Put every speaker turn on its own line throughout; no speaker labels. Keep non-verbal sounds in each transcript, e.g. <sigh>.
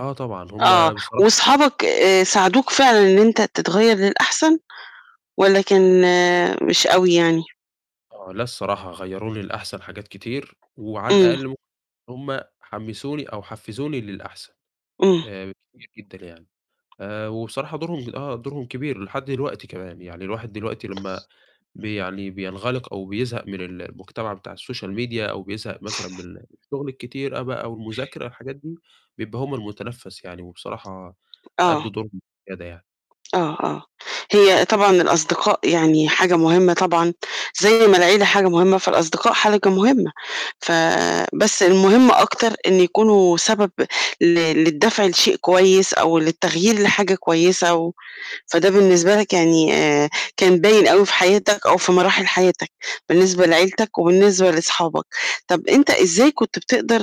آه طبعًا،
آه،
هُم بصراحة
وصحابك آآ، ساعدوك فعلًا إن أنت تتغير للأحسن، والّا كان مش أوي يعني؟
آه، لأ الصراحة، غيّروني للأحسن حاجات كتير، وعلى
امم.
الأقل م هُم حمسوني أو حفزوني للأحسن،
امم.
آآ كتير جدًا يعني، آآ وبصراحة دورهم آه، دورهم كبير لحد دلوقتي كمان، يعني الواحد دلوقتي لمّا بي يعني بينغلق أو بيزهق من ال المجتمع بتاع الSocial Media أو بيزهق مثلًا
<sniffs>
من الشُّغل الكتير أ بقى والمذاكرة والحاجات دي، بيبقى هُم المُتنفس يعني، وبصراحة أدّوا
آه.
دورهم وزيادة يعني.
آه، آه، هي طبعًا الأصدقاء يعني حاجة مُهمة طبعًا، زي ما العيلة حاجة مُهمة، فالأصدقاء حاجة مُهمة، ف بس المُهم أكتر إن يكونوا سبب ل للدفع لشيء كويس، أو للتغيير لحاجة كويسة، و فده بالنسبة لك يعني آآ، كان باين أوي في حياتك، أو في مراحل حياتك، بالنسبة لعيلتك وبالنسبة لصحابك، طب أنت إزاي كنت بتقدر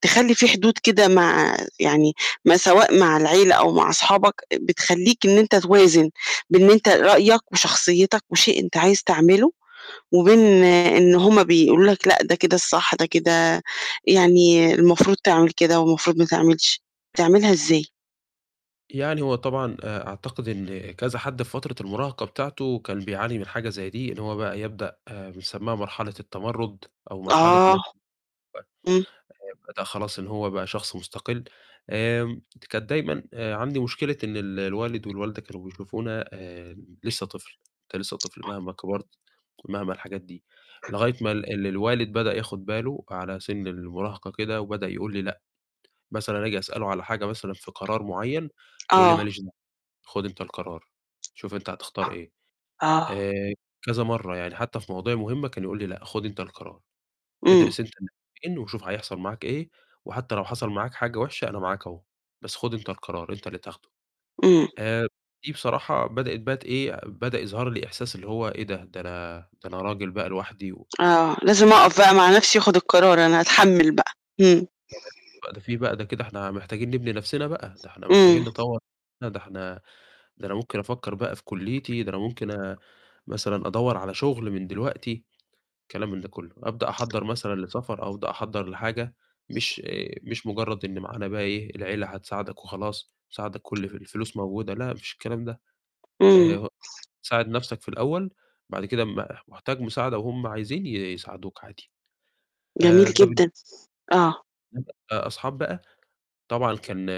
تخلّي في حدود كده مع يعني ما سواء مع العيلة أو مع صحابك بتخلّيك إن أنت توازن بين إن أنت رأيك وشخصيتك، وشيء أنت عايز تعمله، وبين إن هم بيقولوا لك لأ، ده كده الصح، ده كده يعني المفروض تعمل كده، والمفروض ما تعملش، بتعملها إزاي؟
يعني هو طبعًا آآ، أعتقد إن كذا حد في فترة المُراهقة بتاعته، كان بيعاني من حاجة زي دي، إن هو بقى يبدأ بنسميها مرحلة التمرُد، أو مرحلة مث
آه، إمم.
آآ بدأ خلاص إن هو بقى شخص مُستقل، آمم كانت دايمًا عندي مشكلة إن ال الوالد والوالدة كانوا بيشوفونا آآ لسه طفل، أنت لسه طفل، مهما كبرت ومهما الحاجات دي، لغاية ما ال ال الوالد بدأ ياخُد بالُه، على سن المُراهقة كده، وبدأ يقول لي: "لأ"، مثلًا آجي أسألُه على حاجة مثلًا في قرار مُعيّن، يقول لي: "ما
آه.
ليش دعوة، خُد أنت القرار، شوف أنت هتختار إيه"،
آه.
آآ كذا مَرّة يعني، حتّى في مواضيع مُهمة، كان يقول لي: "لأ، خُد أنت القرار،
امم.
ادرس أنت <unintelligible> وشوف هيحصل معاك إيه، وحتى لو حصل معاك حاجة وحشة أنا معاك أهو، بس خُد أنت القرار، أنت اللي تاخدُه"،
امم.
آآ دي بصراحة بدأت بقي ت إيه، بدأ يظهر لي إحساس اللي هو إيه ده، ده أنا ده أنا راجل بقى لوحدي و
آه، لازم أقف
<unintelligible>
بقى مع نَفسي، وآخُد القرار، أنا أتحمل بقى، امم.
تمام، بقى ده في بقى ده كده إحنا محتاجين نبني َنفسنا بقى، ده إحنا محتاجين
امم.
نطوَّر نَفسنا، ده إحنا ده أنا ممكن أفكر بقى في كُلِّيتي، ده أنا ممكن مثلًا أدوّر على شُغل من دلوقتي، كلام من ده كُلّه، أبدأ أحضّر مثلًا لسفر أو أبدأ أحضّر لحاجة، مش آآ مش مُجرد إن معانا بقى إيه العيلة هتساعدك وخلاص، تساعدك كُلّ في الفلوس موجودة، لأ ما فيش الكلام ده، آآ
امم.
ه ساعد نَفسك في الأول، بعد كده م محتاج مساعدة وهُم عايزين ي يساعدوك عادي،
جميل
آآ ده بالن
جدًا، آه،
<unintelligible> آآ أصحاب بقى، طبعًا كان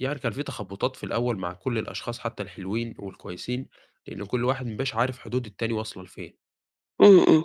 يعني كان في تخبُطات في الأول مع كُلّ الأشخاص، حتى الحلوين والكويسين، لإن كُلّ واحد ما بقاش عارف حدود التاني واصلة لفين.
امم، امم.